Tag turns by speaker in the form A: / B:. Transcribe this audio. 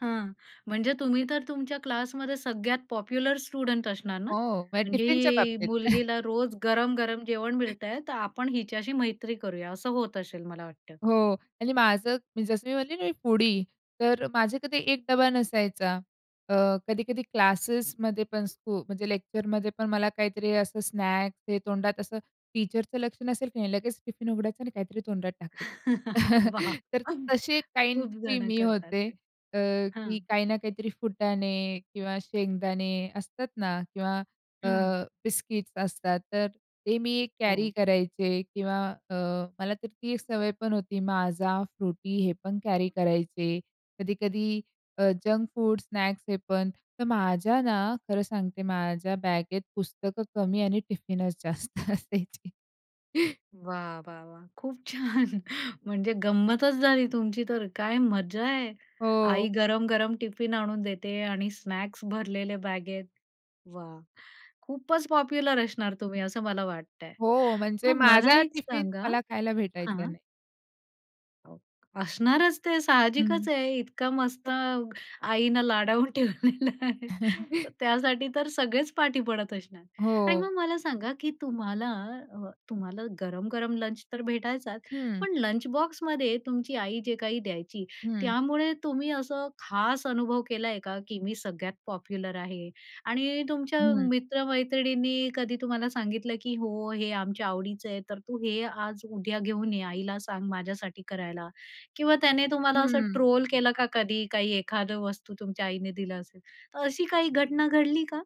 A: हां, म्हणजे तुम्ही तर तुमच्या क्लासमध्ये सगळ्यात पॉप्युलर स्टुडंट असणार ना,
B: हो, म्हणजे टिफिनच्या
A: म्हणजे
B: बाबतीत.
A: मुलगीला रोज गरम-गरम जेवण मिळतंय, तर आपण हिच्याशी मैत्री करूया असं होत असेल मला वाटतं.
B: हो आणि माझं मी जसं मी म्हटले ना मी फूडी, तर माझे कधी 1 डबा नसायचा. अ, कधी-कधी क्लासेसमध्ये पण स्कु म्हणजे लेक्चरमध्ये पण मला काहीतरी असं स्नॅक्स हे तोंडात असं टीचरचं लक्ष नसेल की नाही लगेच टिफिन उघडायचं आणि काहीतरी तोंडात टाकायचं.
A: वाह!
B: तर तशी
A: खूप
B: काइंडची
A: जण
B: मी
A: करतात
B: होते.
A: ते.
B: अ,
A: हां.
B: की काही ना काहीतरी फुटाणे किंवा शेंगदाणे असतात ना किंवा अ,
A: हं.
B: बिस्किट्स असतात तर ते मी कॅरी
A: हो.
B: करायचे किंवा अ, मला तर ती एक सवय पण होती, माझा, फ्रुटी हे पण कॅरी करायचे. कधी-कधी अ, जंक फूड, स्नॅक्स हे पण. तर माझ्या ना, खरं सांगते, माझ्या बॅगेत पुस्तकं कमी आणि टिफिनच जास्त असायची.
A: वाह! वाह! वाह! खूप छान! म्हणजे गंमतच झाली तुमची तर काय मजा आहे. आई
B: हो.
A: गरम-गरम टिफिन आणून देते आणि स्नॅक्स भरलेले बॅगेत. वाह! खूपच पॉप्युलर असणार तुम्ही असं मला वाटतंय.
B: हो, म्हणजे
A: मग मला
B: माझा
A: एक
B: टिफिन
A: सांगा
B: मला खायला भेटायचा
A: हां.
B: नाही.
A: असणारच ते
B: हं.
A: साहजिकच आहे, इतका मस्त आईनं लाडावून ठेवलेलं आहे तर त्यासाठी तर सगळेच पाठी पडत असणार. आणि
B: हो.
A: मग मला सांगा की तुम्हाला अ, तुम्हाला गरम-गरम लंच तर भेटायचाच,
B: हं.
A: पण लंच बॉक्समध्ये तुमची आई जे काही द्यायची,
B: हं.
A: त्यामुळे तुम्ही असं खास अनुभव केलाय का? की मी सगळ्यात पॉप्युलर आहे आणि तुमच्या
B: हं.
A: मित्र-मैत्रिणींनी कधी तुम्हाला सांगितलं की "हो, हे आमच्या आवडीचं आहे तर तू हे आज-उद्या घेऊन ये, आईला सांग माझ्यासाठी करायला" किंवा त्याने तुम्हाला असं
B: हं.
A: ट्रोल केलं का कधी? काही एखादं वस्तू तुमच्या आईने दिलं असेल. तर अशी काही घटना घडली का?